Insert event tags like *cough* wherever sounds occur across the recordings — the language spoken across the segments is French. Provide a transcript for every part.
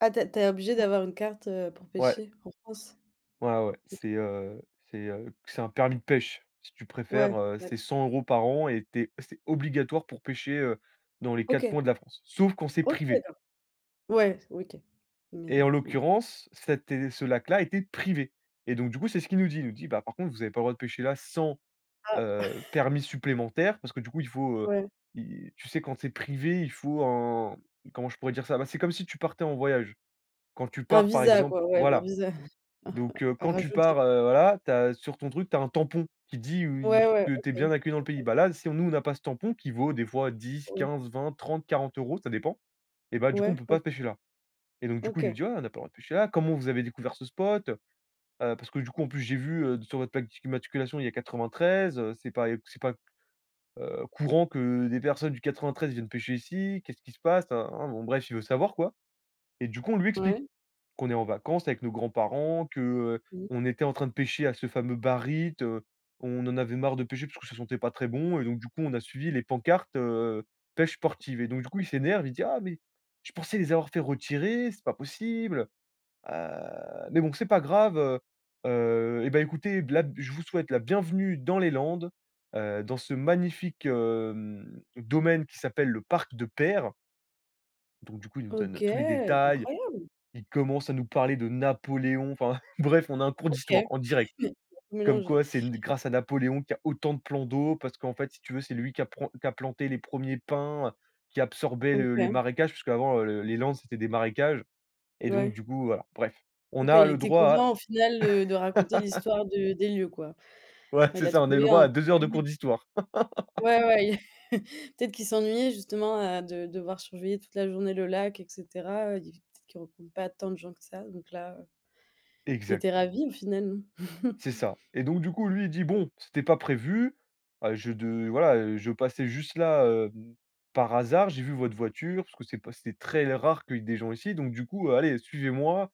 Ah, tu es tu es obligé d'avoir une carte, heu, pour Ouais. pêcher en France? Ouais, ouais, M c'est, heu, c'est, heu, c'est un permis de pêche, si tu Ouais, préfères, heu, ouais. c'est 100 € par an et tu es c'est obligatoire pour pêcher, heu, dans les 4 OK. coins de la France. Sauf quand c'est OK privé. d'accord. Ouais. OK Et en mais mmh. l'occurrence, cet é ce lac-là était privé. Et donc du coup, c'est ce qu'il nous dit, il nous dit: «Bah, par contre, vous avez pas le droit de pêcher là sans, Ah! heu, *chuckles* permis supplémentaire», parce que, du coup, il faut, heu, Ouais. i tu sais quand c'est privé, il faut un comment je pourrais dire ça? Bah, c'est comme si tu partais en voyage. Quand tu Un pars par visa exemple, quoi, ouais, un voilà. visa, Donc, *chuckles* heu, à quand tu rajouter. pars, heu, voilà, tu as sur ton truc, tu as un tampon qui dit ou oui Ouais, z ouais, que tu es OK. bien accueilli dans le pays. OK. Bah là, si on nous, on n'a pas ce tampon qui vaut des fois 10, Ouais. 15, 20, 30, 40 €, ça dépend, eh bah, du coup, on Ouais, peut OK. pas pêcher là. Et donc du coup, il nous OK. dit: «Ah, on n'a pas le droit de pêcher là. Comment vous avez découvert ce spot? Heu, parce que du coup, en plus, j'ai vu, heu, sur votre plaque d'immatriculation, il y a 93, heu, c'est pas c'est pas, heu, courant que des personnes du 93 viennent pêcher ici. Qu'est-ce qui se passe? Na, na, na». Bon bref, il veut savoir, quoi. Et du coup, on lui explique Ouais. qu'on est en vacances avec nos grands-parents, que, heu, Mmh. on était en train de pêcher à ce fameux Barit, heu, on en avait marre de pêcher parce que ça sentait pas très bon, et donc du coup, on a suivi les pancartes, heu, «pêche sportive» et donc du coup, il s'énerve, il dit: «Ah mais, je pensais les avoir fait retirer, c'est pas possible. Heu, mais bon, c'est pas grave, heu heu, eh bah, écoutez, b là, je vous souhaite la bienvenue dans les Landes, heu, dans ce magnifique, hem, domaine qui s'appelle le parc de Peyre». Donc du coup, il nous OK, donne tous les détails, incroyable. il commence à nous parler de Napoléon, enfin *chuckles* bref, on a un cours d'histoire OK, en direct. *chuckles* *unintelligible* Comme mélangé. quoi c'est n grâce à Napoléon qu'il y a autant de plans d'eau, parce qu'en fait, si tu veux, c'est lui qui a pran qui a planté les 1ers pins, heu, qui absorbaient le les OK. marécages, puisqu'avant, heu, le les Landes c'était des marécages, et donc Ouais. du coup, voilà. Bref, on OK, a il le était droit content au final, heu, de raconter à *laughs* l'histoire de des lieux, quoi. ouais Enfin, il c'est a ça, on a eu trouvé le droit un à petit 2 heures de cours public. d'histoire. *laughs* Ouais, ouais, i *chuckles* peut-être qu'il s'ennuyait justement, heu, de devoir surveiller toute la journée le lac et cetera. Il peut-être qu'il rencontre pas tant de gens que ça donc là, heu il Exact. était ravi au final, non? *chuckles* C'est ça. Et donc du coup, lui, il dit: «Bon, c'était pas prévu, heu, je de voilà, heu, je passais juste là, hem, par hasard, j'ai vu votre voiture, parce que c'est pas c'était très rare qu'il y ait des gens ici, donc du coup, heu, allez, suivez-moi,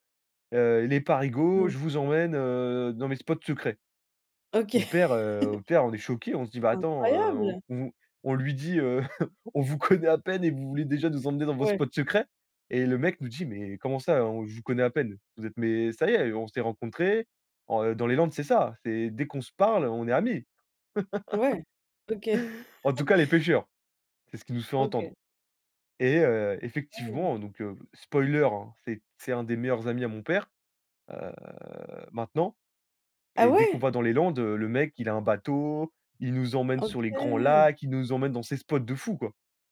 heu, les Parigos, Mmh. je vous emmène, heu, dans mes spots secrets». Mon OK. père, heu, *chuckles* mon père, on est choqué, on se dit: «Bah, attends, heu», on Incroyable! on on lui dit: «Heu, *chuckles* on vous connait à peine et vous voulez déjà nous emmener dans vos Ouais. spots secrets?» Et le mec nous dit: «Mais comment ça "On je vous connais à peine"? Vous êtes mais ça y est, on s'est rencontré, on dans les Landes, c'est ça, c'est dès qu'on se parle, on est amis». *laughs* Ouais, OK. En tout *chuckles* cas, les pêcheurs, c'est ce qui nous fait OK. entendre. Et heu, Mmh. effectivement, donc heu, spoiler, hein, c'est c'est un des meilleurs amis à mon père, heu, maintenant, Ah et dès qu'on ouais? va dans les Landes, heu, le mec, il a un bateau, il nous emmène sur les grands OK. lacs, il nous emmène dans ces spots de fou, quoi.